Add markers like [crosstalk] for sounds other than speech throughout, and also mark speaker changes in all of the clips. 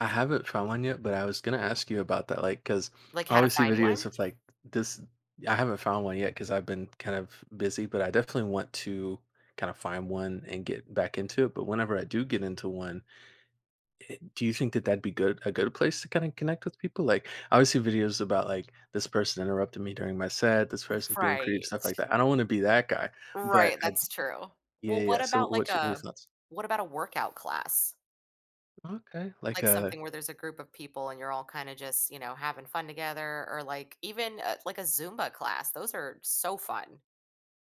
Speaker 1: I haven't found one yet, but I was gonna ask you about that, like, 'cause
Speaker 2: Like,
Speaker 1: I
Speaker 2: how to
Speaker 1: always see
Speaker 2: find
Speaker 1: videos
Speaker 2: one?
Speaker 1: of, like, this I haven't found one yet 'cause I've been kind of busy, but I definitely want to kinda find one and get back into it, but whenever I do get into one, eh do you think that that'd be good a good place to kinda connect with people? Like, I always see videos about, like, this person interrupting me during my set, this person's being creep stuff like
Speaker 2: Right.
Speaker 1: that, I don't wanna be that guy. But
Speaker 2: Right,
Speaker 1: I'd j
Speaker 2: that's true.
Speaker 1: Yeah,
Speaker 2: Well,
Speaker 1: yeah,
Speaker 2: what
Speaker 1: yeah, so,
Speaker 2: about, like,
Speaker 1: what's your what are your
Speaker 2: a
Speaker 1: thoughts?
Speaker 2: what about a workout class?
Speaker 1: Okay, like
Speaker 2: Like,
Speaker 1: a
Speaker 2: something where there's a group of people and you're all kinda just, you know, having fun together or, like even, uh, like a Zumba class, those are so fun.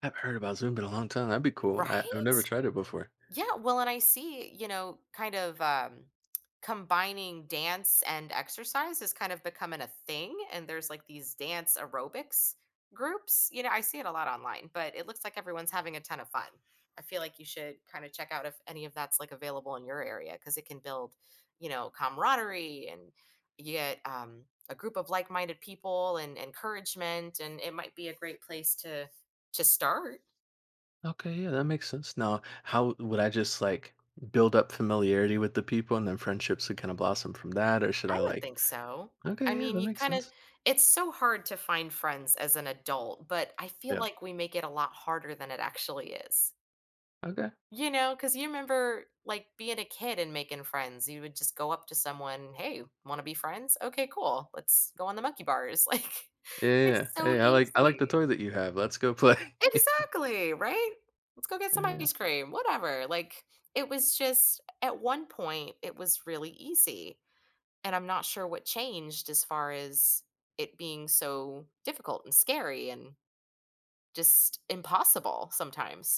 Speaker 1: I haven't heard about Zumba in a long time, that'd be
Speaker 2: R
Speaker 1: cool, I I've
Speaker 2: right?
Speaker 1: never tried it before.
Speaker 2: Yeah, well, and I see, you know, kind of, um, combining dance and exercise is kind of becoming a thing, and there's like these dance aerobics groups, you know, I see it a lot online, but it looks like everyone's having a ton of fun. I feel like you should kinda check out if any of that's, like, available in your area 'cause it can build, you know, camaraderie and yet, um, a group of like-minded people and encouragement and it might be a great place to to start.
Speaker 1: Okay, yeah, that makes sense, now, how w would I just, like, build up familiarity with the people and then friendships would kinda blossom from that? Or should I,
Speaker 2: I would
Speaker 1: like
Speaker 2: think so. I
Speaker 1: Okay, yeah
Speaker 2: mean,
Speaker 1: that
Speaker 2: you
Speaker 1: makes
Speaker 2: kinda
Speaker 1: sense.
Speaker 2: it's so hard to find friends as an adult, but I feel
Speaker 1: Yeah.
Speaker 2: like we make it a lot harder than it actually is.
Speaker 1: Okay.
Speaker 2: You know, 'cause you remember, like, being a kid and making friends, you would just go up to someone, "Hey, wanna be friends? Okay, cool. Let's go on the monkey bars," like,
Speaker 1: Yeah, yeah,
Speaker 2: it's
Speaker 1: yeah,
Speaker 2: so
Speaker 1: "Hey, I like I like the
Speaker 2: easy.
Speaker 1: toy that you have, let's go play." [chuckles]
Speaker 2: Exactly, right? "Let's go get
Speaker 1: Yeah,
Speaker 2: some
Speaker 1: yeah.
Speaker 2: ice cream," whatever, like, it was just at one point, it was really easy, and I'm not sure what changed as far as it being so difficult and scary and just impossible sometimes.